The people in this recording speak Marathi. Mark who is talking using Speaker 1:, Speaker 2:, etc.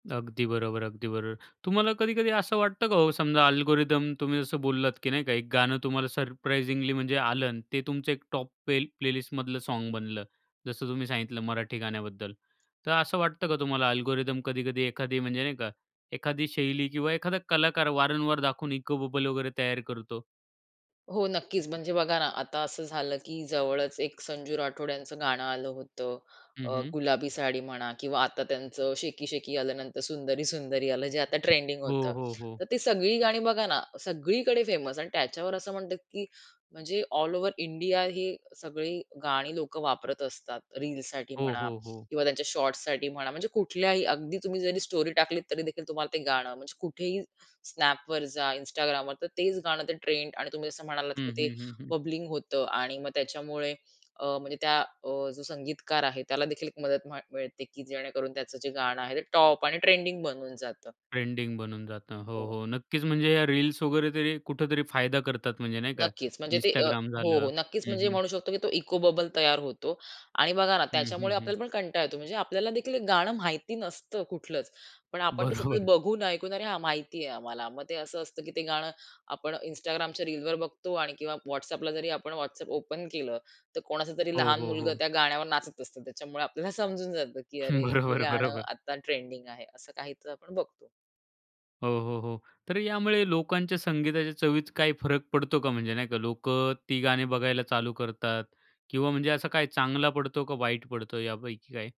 Speaker 1: अगदी बरोबर, अगदी बरोबर. तुम्हाला कधी-कधी असं वाटतं का हो समजा अल्गोरिथम तुम्ही जसं बोललात, की नाही का एक गाणं तुम्हाला सरप्राइजिंगली म्हणजे आलं, अन् ते तुमचं एक टॉप पेल प्लेलिस्टमधलं सॉंग बनलं. जसं तुम्ही सांगितलं मराठी गाण्याबद्दल, तर असं वाटतं का तुम्हाला, अल्गोरिथम कधी-कधी एखादी म्हणजे नाही का एखादी शैली किंवा एखादा कलाकार वारंवार दाखवून इको बबल वगैरे तयार करतो?
Speaker 2: हो, नक्कीच म्हणजे बघा ना, आता असं झालं की जवळच एक संजू राठोड यांचं गाणं आलं होतं
Speaker 1: हं,
Speaker 2: अ,
Speaker 1: हं.
Speaker 2: गुलाबी साडी म्हणा, किंवा आता त्यांचं शेकी शेकी आलं, नंतर सुंदरी सुंदरी आलं, जे आता ट्रेंडिंग
Speaker 1: हो,
Speaker 2: होतं.
Speaker 1: हो, हो.
Speaker 2: तर ती सगळी गाणी बघा ना, सगळीकडे फेमस आणि त्याच्यावर असं म्हणतात, की म्हणजे ऑल ओव्हर इंडिया ही सगळी गाणी लोक वापरत असतात रीलसाठी
Speaker 1: हो,
Speaker 2: म्हणा
Speaker 1: हो, हो.
Speaker 2: किंवा त्यांच्या शॉर्ट्ससाठी म्हणा. म्हणजे कुठल्याही अगदी तुम्ही जरी स्टोरी टाकलीत, तरी देखील तुम्हाला ते गाणं म्हणजे कुठेही Snapवर जा, Instagramवर तर तेच गाणं, ते ट्रेंड. आणि तुम्ही जसं म्हणालात, की
Speaker 1: हं,
Speaker 2: ते
Speaker 1: हं, हं, हं.
Speaker 2: बबलिंग होतं आणि मग त्याच्यामुळे अ, म्हणजे त्या अ, जो संगीतकार आहे, त्याला देखील एक मदत म मिळते, की जेणेकरून त्याचं जे गाणं आहे, ते टॉप आणि ट्रेंडिंग बनून जातं.
Speaker 1: ट्रेंडिंग बनून जातं हो,
Speaker 2: हो.
Speaker 1: हो, नक्कीच. म्हणजे या रील्स वगैरे तरी कुठेतरी फायदा करतात. म्हणजे नाही का,
Speaker 2: नक्कीच म्हणजे ते अ
Speaker 1: Instagram
Speaker 2: हो,
Speaker 1: झालं
Speaker 2: हो नक्कीच
Speaker 1: हं,
Speaker 2: म्हणजे
Speaker 1: हं.
Speaker 2: म्हणू शकतो, की तो इको बबल तयार होतो. आणि बघा ना,
Speaker 1: हं,
Speaker 2: त्याच्यामुळे
Speaker 1: हं, हं.
Speaker 2: आपल्याला पण कंटाळा येतो. म्हणजे आपल्याला देखील एक गाणं माहिती नसतं कुठलंच, पण आपण ते सतत
Speaker 1: बरोबर.
Speaker 2: बघून, ऐकून, "अरे हां, माहिती आहे आम्हाला," मग ते असं असतं, की ते गाणं आपण Instagramच्या रीलवर बघतो आणि किंवा WhatsAppला जरी आपण WhatsApp ओपन केलं, तर कोणाचा तरी
Speaker 1: हो,
Speaker 2: लहान
Speaker 1: हो,
Speaker 2: मुलगा
Speaker 1: हो.
Speaker 2: त्या गाण्यावर नाचत असतो. त्याच्यामुळे आपल्याला समजून जातं, की अरे हे
Speaker 1: बरोबर,
Speaker 2: गाणं
Speaker 1: बरोबर.
Speaker 2: आता ट्रेंडिंग आहे. असं काहीतर आपण बघतो.
Speaker 1: हो, हो, हो. तर यामुळे लोकांच्या संगीताच्या चवीत काही फरक पडतो का? म्हणजे नाही का, लोक ती गाणी बघायला चालू करतात किंवा म्हणजे असं काय चांगला पडतो का वाईट पडतो यापैकी काय?